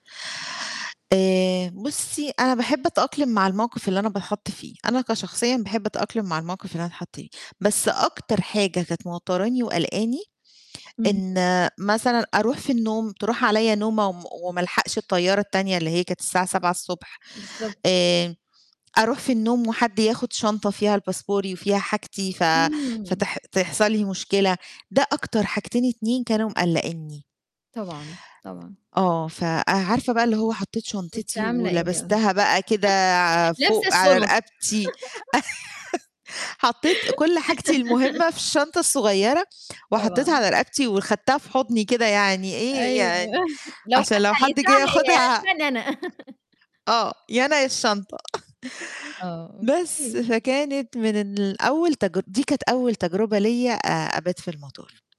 آآ بُصّي، أنا باحب أتأقلِم مع الموقِف اللي أنا باتحَط فيه، أنا كشخصيًا باحب أتأقلِم مع الموقِف اللي أنا أتحَط فيه، بس أكتر حاجة كانت موتّراني وقَلقاني اهم. إن مثلًا أروح في النوم، تروح عليّا نومة وم وما ألحَقش الطيّارة التانية اللي هي كانت الساعة 7:00 ص بالضب آآ أروح في النوم وحد ياخُد شنطة فيها ال باسبوري وفيها حاجتي ف إمم. فتح تحصل لي مشكلة. ده أكتر حاجتين 2 كانوا مقلّقينّي. طبعًا، طبعًا. آه، فأه عارفة بقى اللي هو حطّيت كنتِ شنطتي عاملة إيه بقى؟ ولبستها بقى كده لابسه فوق على الشُنط رقبتي، حطّيت كل حاجتي المُهمّة في الشنطة الصغيّرة وحطّيتها طبعًا. على رقبتي وخدتها في حُضني كده يعني إيه، أيوه، يعني لو عشان لو حتى حد جِه هيسرقها ي ياخُدها هيسرقني أنا. آه، يا أنا يا الشنطة. آه، بس أوكي. فكانت من أن الأول تجر دي كانت أول تجربة ليّا أ أبات في المطار.